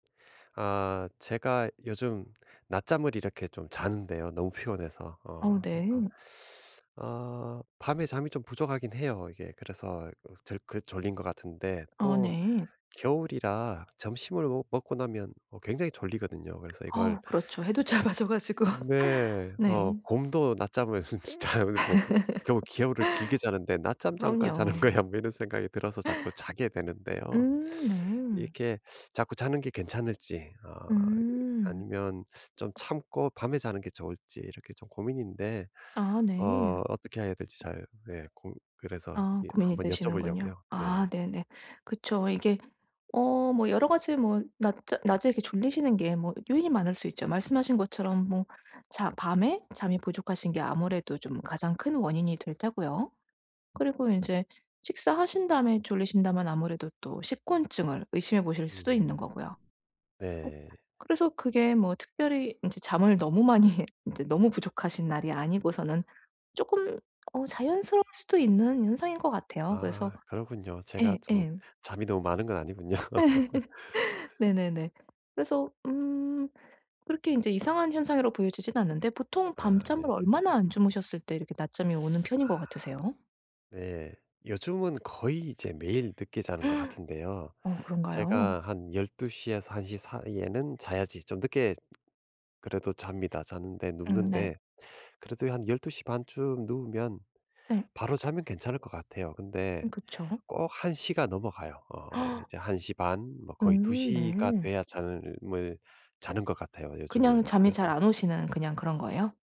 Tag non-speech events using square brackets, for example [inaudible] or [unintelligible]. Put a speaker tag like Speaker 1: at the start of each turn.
Speaker 1: 아. 제가 요즘 낮잠을 이렇게 좀 자는데요 너무 피곤해서. 어
Speaker 2: 어
Speaker 1: 그래서
Speaker 2: 네.
Speaker 1: 어 밤에 잠이 좀 부족하긴 해요 이게. 그래서 그 졸 그 졸린 것 같은데
Speaker 2: 아
Speaker 1: 또
Speaker 2: 네.
Speaker 1: 겨울이라 점심을 먹 먹고 나면 어 굉장히 졸리거든요. 그래서 이걸
Speaker 2: 어우 그렇죠. 해도 짧아져 가지고.
Speaker 1: 네.
Speaker 2: 네.
Speaker 1: 어 '곰도 낮잠을 [unintelligible] 겨울 겨울을 길게 자는데
Speaker 2: [laughs]
Speaker 1: 낮잠 잠깐 자는
Speaker 2: 그럼요.
Speaker 1: 거야 뭐.' 이런 생각이 들어서 자꾸 자게 되는데요.
Speaker 2: 음 네.
Speaker 1: 이렇게 자꾸 자는 게 괜찮을지. 어 이
Speaker 2: 음.
Speaker 1: 아니면 좀 참고 밤에 자는 게 좋을지 이렇게 좀 고민인데
Speaker 2: 아 네.
Speaker 1: 어 어떻게 해야 될지 잘 예 고 그래서
Speaker 2: 아
Speaker 1: 예
Speaker 2: 고민이
Speaker 1: 한번
Speaker 2: 되시는군요.
Speaker 1: 여쭤보려고요. 네.
Speaker 2: 아 네네. 그쵸. 이게 어 뭐 여러 가지 뭐 낮자 낮에 이렇게 졸리시는 게 뭐 요인이 많을 수 있죠. 말씀하신 것처럼 뭐 자 밤에 잠이 부족하신 게 아무래도 좀 가장 큰 원인이 될 테고요. 그리고 인제 식사하신 다음에 졸리신다면 아무래도 또 식곤증을 의심해 보실 수도
Speaker 1: 음.
Speaker 2: 있는거고요. 꼭
Speaker 1: 네.
Speaker 2: 그래서 그게 뭐 특별히 인제 잠을 너무 많이 인제 너무 부족하신 날이 아니고서는 쪼끔 어 자연스러울 수도 있는 현상인 것 같아요. 그래서
Speaker 1: 아 그렇군요. 제가
Speaker 2: 예
Speaker 1: 좀
Speaker 2: 예.
Speaker 1: 잠이 너무 많은 건 아니군요.
Speaker 2: [laughs] 네네네. 그래서 음 그렇게 인제 이상한 현상이라고 보여지지는 않는데 보통
Speaker 1: 아.
Speaker 2: 밤잠을
Speaker 1: 네.
Speaker 2: 얼마나 안 주무셨을 때 이렇게 낮잠이 오는 편인 것
Speaker 1: 아.
Speaker 2: 같으세요?
Speaker 1: 네. 요즘은 거의 이제 매일 늦게 자는 것 같은데요.
Speaker 2: [gasps] 어 그런가요?
Speaker 1: 제가 한 12:00 에서 1:00 사이에는 자야지 좀 늦게 그래도 잡니다. 자는데
Speaker 2: 음 네.
Speaker 1: 눕는데 그래도 한 12:30 쯤 누우면
Speaker 2: 네.
Speaker 1: 바로 자면 괜찮을 것 같아요.
Speaker 2: 음
Speaker 1: 근데
Speaker 2: 그쵸.
Speaker 1: 꼭 1:00 가 넘어가요. 어.
Speaker 2: [gasps]
Speaker 1: 이제 1:30? 뭐 거의 두
Speaker 2: 음.
Speaker 1: 시 가
Speaker 2: 네.
Speaker 1: 돼야 잠을 자는 것 같아요. 요즘은
Speaker 2: 그냥 잠이 잘
Speaker 1: 그래서
Speaker 2: 안 오시는 그냥 그런 거예요?